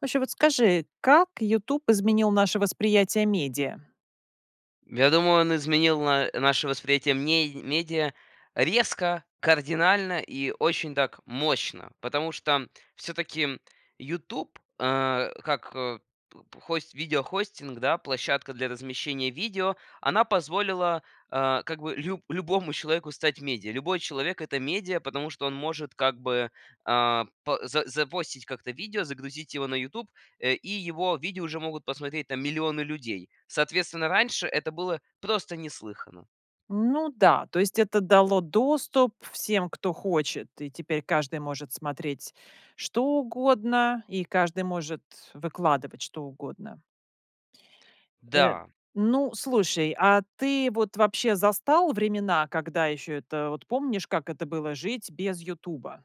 Вообще, вот скажи, как "Ютуб" изменил наше восприятие медиа? Я думаю, он изменил на наше восприятие ме медиа резко, кардинально и очень так мощно, потому что всё-таки "Ютуб", а, как п п хость видеохостинг, да, площадка для размещения видео, она позволила, а, как бы лю любому человеку стать медиа. Любой человек- это медиа, потому что он может как бы, а, па за запостить как-то видео, загрузить его на "Ютуб", э, и его видео уже могут посмотреть там миллионы людей. Соответственно, раньше это было просто неслыханно. Ну да, то есть это дало доступ всем, кто хочет, и теперь каждый может смотреть, что угодно, и каждый может выкладывать, что угодно. Э, Да. ну, слушай, а ты вот, вообще, застал времена, когда еще это вот, помнишь, как это было жить без "Ютуба"?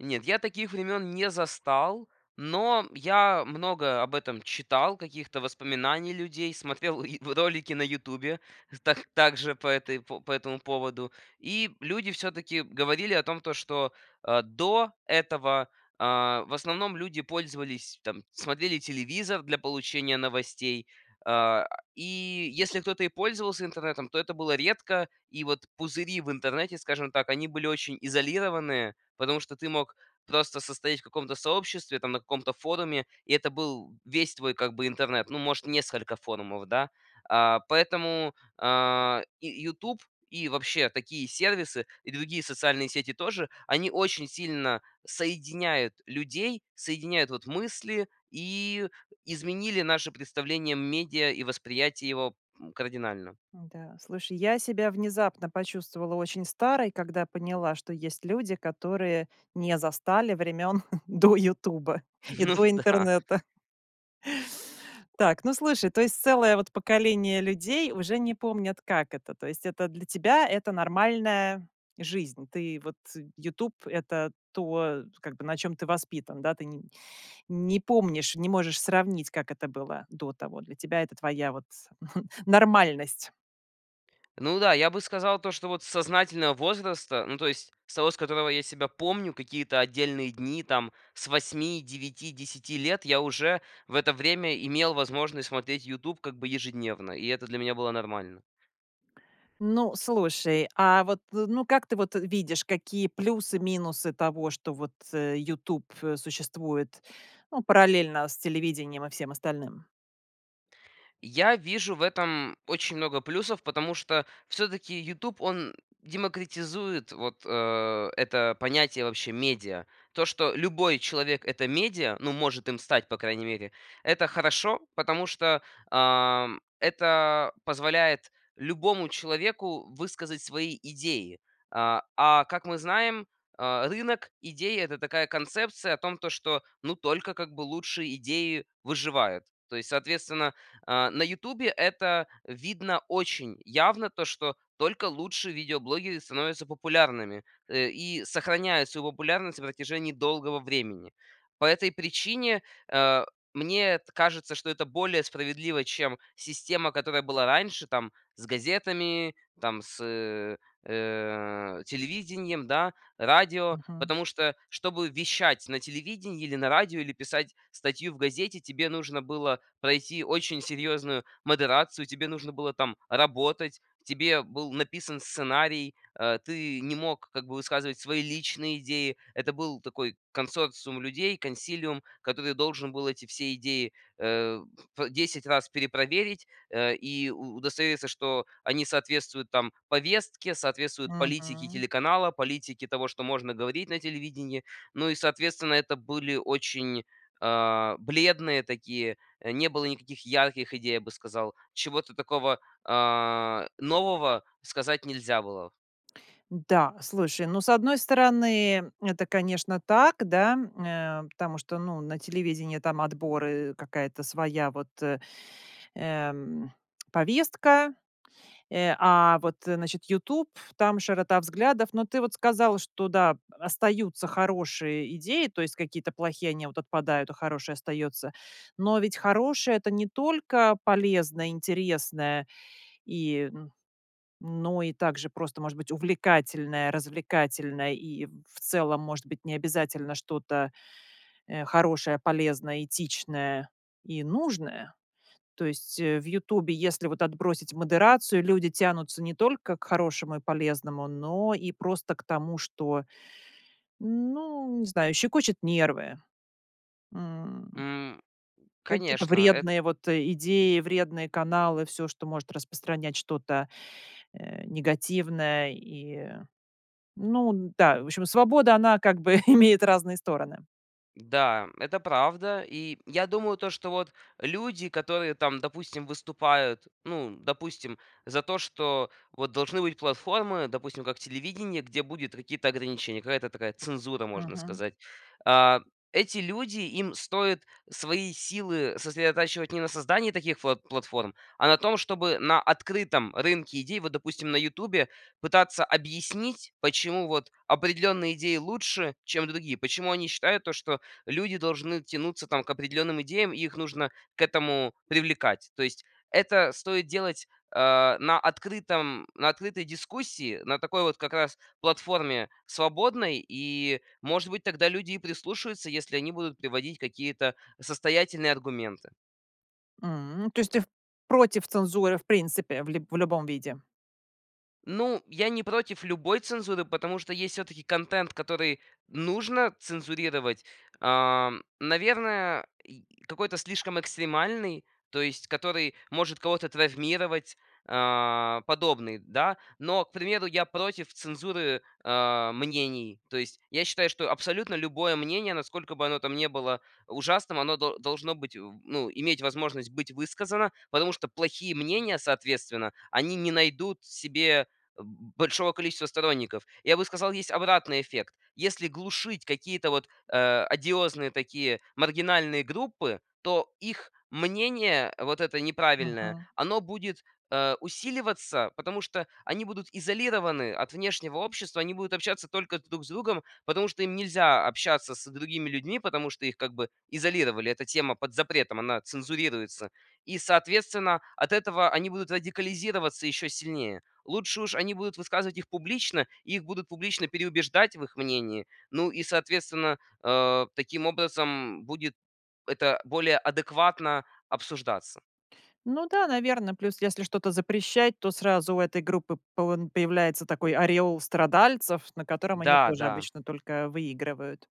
Нет, я таких времён не застал. Но я многое об этом читал каких-то воспоминаний людей, смотрел и в ролике на "Ютубе" так также по этой по по этому поводу. И люди всё-таки говорили о том, то, что, а, до этого, а, в основном, люди пользовались там, смотрели телевизор для получения новостей. А, и если кто-то и пользовался интернетом, то это было редко. И вот пузыри в интернете, скажем так, они были очень изолированные, потому что ты мог просто состоять в каком-то сообществе, там на каком-то форуме, и это был весь твой как бы интернет, ну, может, несколько форумов, да. А, поэтому, а, и "Ютуб", и вообще такие сервисы и другие социальные сети тоже, они очень сильно соединяют людей, соединяют вот мысли, и изменили наше представление медиа и восприятие его, м, кардинально. Н-да. Слушай, я себя внезапно почувствовала очень старой, когда поняла, что есть люди, которые не застали времён до "Ютуба" и Ну до да. интернета. Так, ну слушай, то есть целое вот поколение людей уже не помнят, как это. То есть это для тебя- это нормальная жизнь. Ты вот "Ютуб"- это то, как бы на чём ты воспитан, да. Ты не не помнишь, не можешь сравнить, как это было до того. Для тебя это твоя вот нормальность. Ну да, я бы сказал то, что вот c сознательного возраста, ну то есть с того, с которого я себя помню, какие-то отдельные дни, там, с 8, 9, 10 лет, я уже в это время имел возможность смотреть "Ютуб" как бы ежедневно, и это для меня было нормально. Ну, слушай, а вот, э, ну, как ты вот, э, видишь, какие плюсы-минусы того, что вот, э, "Ютуб", э, существует, ну, параллельно с телевидением и всем остальным? Я вижу в этом очень много плюсов, потому что всё-таки "Ютуб" он демократизирует вот, а, это понятие вообще медиа. То, что любой человек- это медиа, ну, может им стать, по крайней мере, это хорошо, потому что, ам, это позволяет любому человеку высказать свои идеи. А, а как мы знаем, а, рынок идей- это такая концепция о том то, что ну только как бы лучшие идеи выживают. То есть, соответственно, а, на "Ютубе" это видно очень явно, то что только лучшие видеоблогеры становятся популярными, э, и сохраняют свою популярность на протяжении долгого времени. По этой причине, а, мне т кажется, что это более справедливо, чем система, которая была раньше там с газетами, там с, э, э, телевидением, да, радио. Мгм. Потому что, чтобы вещать на телевидении или на радио, или писать статью в газете, тебе нужно было пройти очень серьезную модерацию, тебе нужно было там работать, тебе был написан сценарий, а, ты не мог как бы высказывать свои личные идеи, это был такой консорциум людей, консилиум, который должен был эти все идеи, э, п 10 раз перепроверить, э, и у удостовериться, что они соответствуют там повестке, соответствуют политике Мгм. телеканала, политике того, что можно говорить на телевидении. Ну и соответственно это были очень, а, бледные такие, не было никаких ярких идей, я бы сказал. Чего-то такого, а, нового сказать нельзя было. М-да, слушай, ну, с одной стороны, это, конечно, так, да, м, нэ, потому что, ну, на телевидении там отборы, какая-то своя вот, э, эм, повестка, э, а, вот значит, "Ютуб" ф там широта взглядов. Но ты вот сказал, что да, остаются хорошие идеи, то есть какие-то плохие, они вот отпадают, а хорошее остается. Но ведь хорошее- это не только полезное, интересное, и н но и также просто, может быть, увлекательное, развлекательное и в целом может быть не обязательно что-то, э, хорошее, полезное, этичное и нужное. То есть, э, в "Ютубe", если вот отбросить модерацию, люди тянутся не только к хорошему и полезному, но и просто к тому, что, ну, не знаю,- щекочет нервы. М. М, Какие-то конечно. Эт вредные вот, э, идеи, вредные каналы- всё, что может распространять что-то, э, негативное. И, ну, н-да, в общем, свобода, она как бы имеет разные стороны. Да, это правда. И я думаю то, что вот люди, которые там, допустим, выступают, ну, допустим, за то, что вот должны быть платформы, допустим, как телевидение, где будет какие-то ограничения, какая-то такая цензура, можно Мгм. сказать. А, эти люди, им стоит свои силы сосредотачивать не на создании таких пла платформ, а на том, чтобы на открытом рынке идей, вот, допустим, на "Ютубе", пытаться объяснить, почему вот определенные идеи лучше, чем другие. Почему они считают то, что люди должны тянуться там к определенным идеям и их нужно к этому привлекать. То есть это стоит делать, а, на открытом на открытой дискуссии, на такой вот как раз платформе свободной, и, может быть, тогда люди и прислушаются, если они будут приводить какие-то состоятельные аргументы. М. То есть ты в против цензуры в принципе в ли в любом виде? Ну, я не против любой цензуры, потому что есть всё-таки контент, который нужно цензурировать, ам, наверное, и какой-то слишком экстремальный, то есть который может кого-то травмировать, а, подобный, да. Но, к примеру, я против цензуры, э, мнений. То есть я считаю, что абсолютно любое мнение, насколько бы оно там не было ужасным, оно дол должно быть в ну, иметь возможность быть высказано, потому что плохие мнения, соответственно, они не найдут себе б большого количества сторонников. Я бы сказал, есть обратный эффект. Если глушить какие-то вот, а, одиозные такие маргинальные группы, то их мнение, вот это неправильное, Мгм. оно будет, э, усиливаться, потому что они будут изолированы от внешнего общества, они будут общаться только друг с другом, потому что им нельзя общаться с другими людьми, потому что их как бы изолировали. Эта тема под запретом, она цензурируется и, соответственно, от этого они будут радикализироваться еще сильнее. Лучше уж они будут высказывать их публично, и их будут публично переубеждать в их мнении, ну и, соответственно, а, таким образом будет это более адекватно обсуждаться. Ну да, наверно, плюс, если что-то запрещать, то сразу у этой группы поэн появляется такой ореол страдальцев, на котором они тоже Да-да. обычно только выигрывают.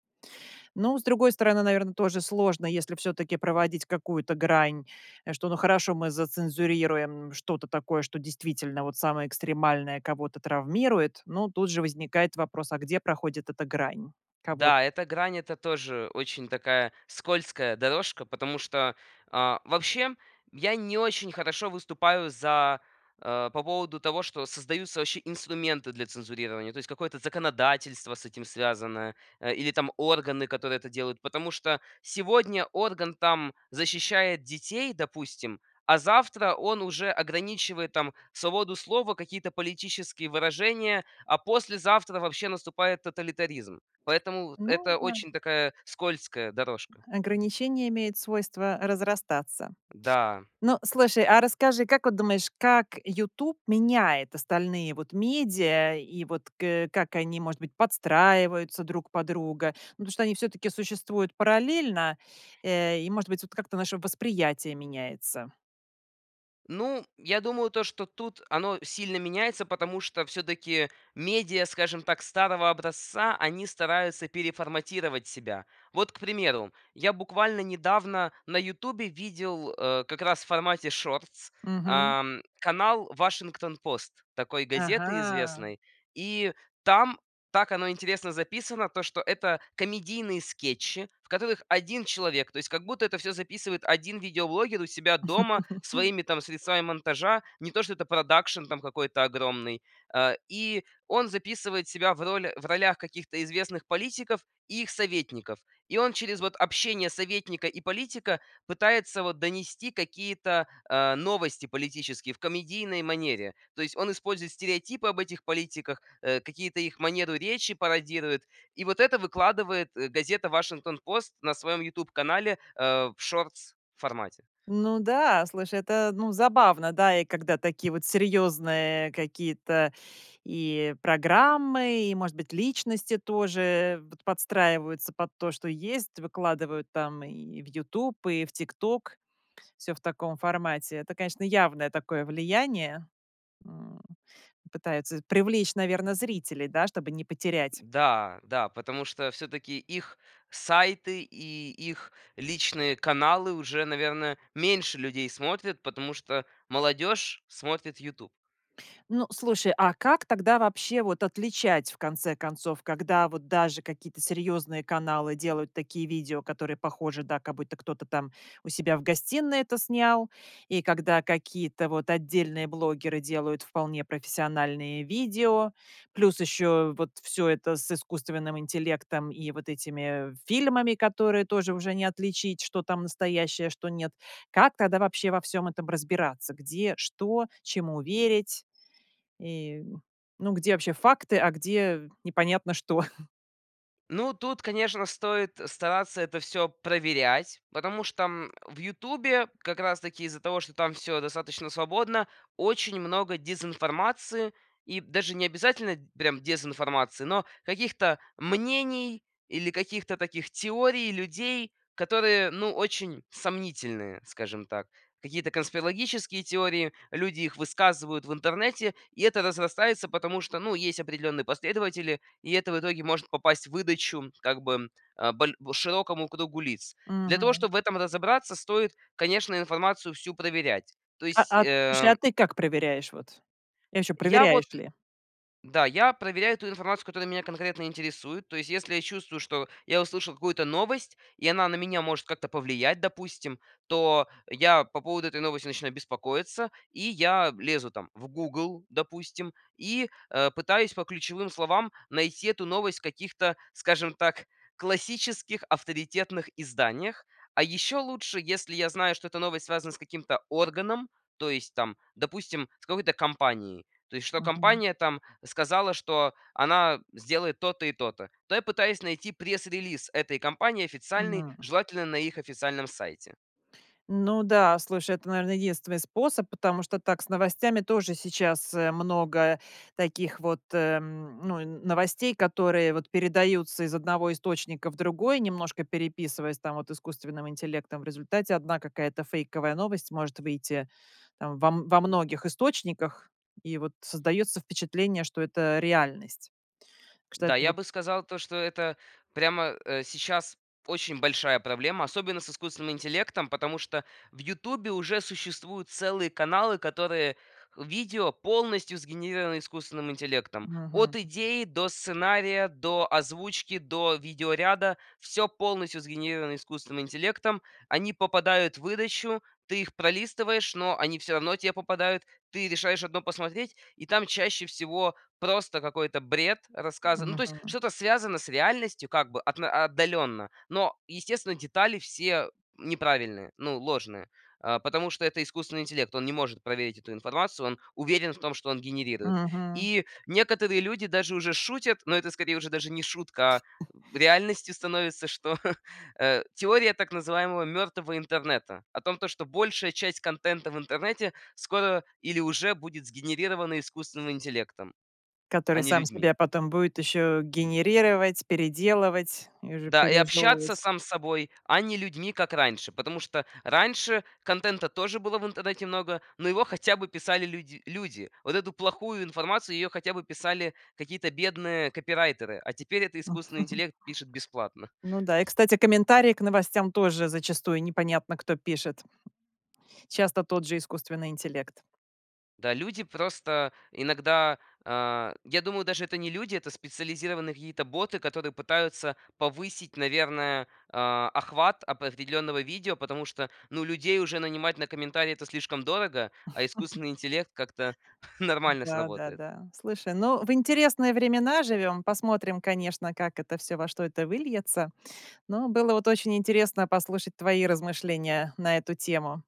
Ну, с другой стороны, наверно, тоже сложно, если всё-таки проводить какую-то грань что, ну, хорошо, мы зацензурируем что-то такое, что действительно вот самое экстремальное, кого-то травмирует. Но тут же возникает вопрос: а где проходит эта грань кого-то? Да, эта грань- это тоже очень такая скользкая дорожка. Потому что, а, вообще я не очень хорошо выступаю за, э, по поводу того, что создаются вообще инструменты для цензурирования, то есть какое-то законодательство с этим связанное, э, или там органы, которые это делают. Потому что сегодня орган, там, защищает детей, допустим, а завтра он уже ограничивает там свободу слова, какие-то политические выражения, а послезавтра вообще наступает тоталитаризм. Поэтому Ну это да. очень такая скользкая дорожка. Ограничение имеет свойство разрастаться. Да. Ну, слушай, а расскажи, как вот думаешь, как "Ютуб" меняет остальные вот медиа, и вот к э, как они, может быть, подстраиваются друг под друга? Ну, потому что они всё-таки существуют параллельно, э, и, может быть, вот как-то наше восприятие меняется. Ну, я думаю то, что тут оно сильно меняется, потому что всё-таки медиа, скажем так, старого образца, они стараются переформатировать себя. Вот, к примеру, я буквально недавно на "Ютубе" видел, э, как раз в формате шортс, Мгм. ам, канал "Вашингтон пост" такой газеты Ага! известной, и там, так оно интересно записано, то что это комедийные скетчи, в которых 1 человек, то есть как будто это всё записывает 1 видеоблогер у себя дома своими, там, средствами монтажа, не то что это продакшн там какой-то огромный. А, и он записывает себя в роли в ролях каких-то известных политиков и их советников. И он через вот общение советника и политика пытается вот донести какие-то, а, новости политические в комедийной манере. То есть он использует стереотипы об этих политиках, э, какие-то их манеру речи пародирует и вот это выкладывает, э, газета "Вашингтон пост" на своем "Ютуб" канале, э, в шортс формате. Ну да, слушай, это, ну, забавно, да, и когда такие вот серьезные какие-то и программы, и, может быть, личности тоже вот подстраиваются под то, что есть, выкладывают там и в "Ютуб", и в "Тикток", всё в таком формате. Это, конечно, явное такое влияние, м, пытаются привлечь, наверно, зрителей, да, чтобы не потерять. Н-да, да, потому что всё-таки их сайты и их личные каналы уже, наверное, меньше людей смотрят, потому что молодёжь смотрит "Ютуб". Ну, слушай, а как тогда вообще вот отличать, в конце концов, когда вот даже какие-то серьезные каналы делают такие видео, которые похожи, да, как будто кто-то там у себя в гостиной это снял? И когда какие-то вот отдельные блогеры делают вполне профессиональные видео? Плюс еще вот всё это с искусственным интеллектом и вот этими фильмами, которые тоже уже не отличить, что там настоящее, а что- нет. Как тогда вообще во всем этом разбираться? Где, что, чему верить? И, м, ну, где вообще факты, а где непонятно что? Ну тут, конечно, стоит стараться это всё проверять, потому что, м, в "Ютубе", как раз таки из-за того, что там всё достаточно свободно, очень много дезинформации. И даже необязательно прям дезинформации, но каких-то мнений или каких-то таких теорий людей, которые ну очень сомнительные, скажем так. Какие-то конспирологические теории, люди их высказывают в интернете. И это разрастается, потому что, ну, есть определенные последователи, и это в итоге может попасть в выдачу, как бы, а, боль широкому кругу лиц. Для того, Мгм. чтоб в этом разобраться, стоит, конечно, информацию всю проверять. То А есть а, слушай, а эм ты как проверяешь вот? И ваще Я вот, проверяешь н ли? да, я проверяю ту информацию, которая меня конкретно интересует, то есть если я чувствую, что я услышал какую-то новость и она на меня может как-то повлиять, допустим, то я по поводу этой новости начинаю беспокоиться, и я лезу, там, в "Гугл", допустим, и, э, пытаюсь по ключевым словам найти эту новость в каких-то, скажем так, классических авторитетных изданиях. А еще лучше, если я знаю, что эта новость связана с каким-то органом, то есть там, допустим, с какой-то компанией. То есть что Мгм. компания там сказала, что она сделает то-то и то-то. То я пытаюсь найти пресс-релиз этой компании официальный, Мгм. желательно на их официальном сайте. Ну да, слушай, это, наверно, единственный способ. Потому что так с новостями тоже сейчас, э, много таких вот, э, м, ну, новостей, которые вот передаются из одного источника в другой, немножко переписываясь там вот искусственным интеллектом. В результате 1 какая-то фейковая новость может выйти во во многих источниках, и вот создается впечатление, что это реальность. Так что Да, это я вот бы сказал, то что это прямо, э, сейчас очень большая проблема, особенно с искусственным интеллектом. Потому что в "Ютубе" уже существуют целые каналы, которые видео полностью сгенерированы искусственным интеллектом. Мгм. От идеи, до сценария, до озвучки, до видеоряда- всё полностью сгенерировано искусственным интеллектом. Они попадают в выдачу, ты их пролистываешь, но они всё равно те попадают. Ты решаешь одно посмотреть, и там чаще всего просто какой-то бред рассказан. Ну то есть Мгм. что-то связано с реальностью, как бы отно отдаленно, но естественно детали все неправильные, ну ложные. А, потому что это искусственный интеллект, он не может проверить эту информацию, он уверен в том, что он генерирует. Мгм. И некоторые люди даже уже шутят, но это скорее уже даже не шутка, а М. реальностью становится, что, э, теория так называемого мертвого интернета. О том, то что большая часть контента в интернете скоро или уже будет сгенерирована искусственным интеллектом, а Который не сам людьми. себя потом будет еще генерировать, переделывать и уже Да, и общаться пережевывать. сам с собой, а не людьми, как раньше. Потому что раньше контента тоже было в интернете много, но его хотя бы писали люди люди. Вот эту плохую информацию, ее хотя бы писали какие-то бедные копирайтеры, а теперь этот искусственный интеллект пишет бесплатно. Ну да, и кстати, комментарии к новостям тоже зачастую непонятно кто пишет. Часто тот же искусственный интеллект. Да, люди просто иногда, а Я думаю, даже это не люди, это специализированные какие-то боты, которые пытаются повысить, наверное, а, охват определенного видео, потому что, ну людей уже нанимать на комментарии это слишком дорого, а искусственный интеллект как-то нормально сработает. Да-да-да. Слушай, ну в интересные времена живем. Посмотрим, конечно, как это всё, во что это выльется. Но было вот очень интересно послушать твои размышления на эту тему.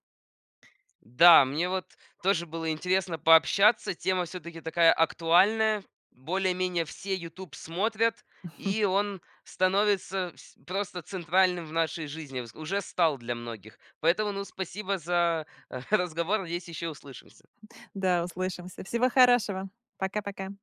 Да, мне вот тоже было интересно пообщаться. Тема всё-таки такая актуальная, более-менее все "Ютуб" смотрят, и он становится вс просто центральным в нашей жизни, вс уже стал для многих. Поэтому, ну, спасибо за разговор, надеюсь, еще услышимся. Да, услышимся. Всего хорошего! Пока-пока!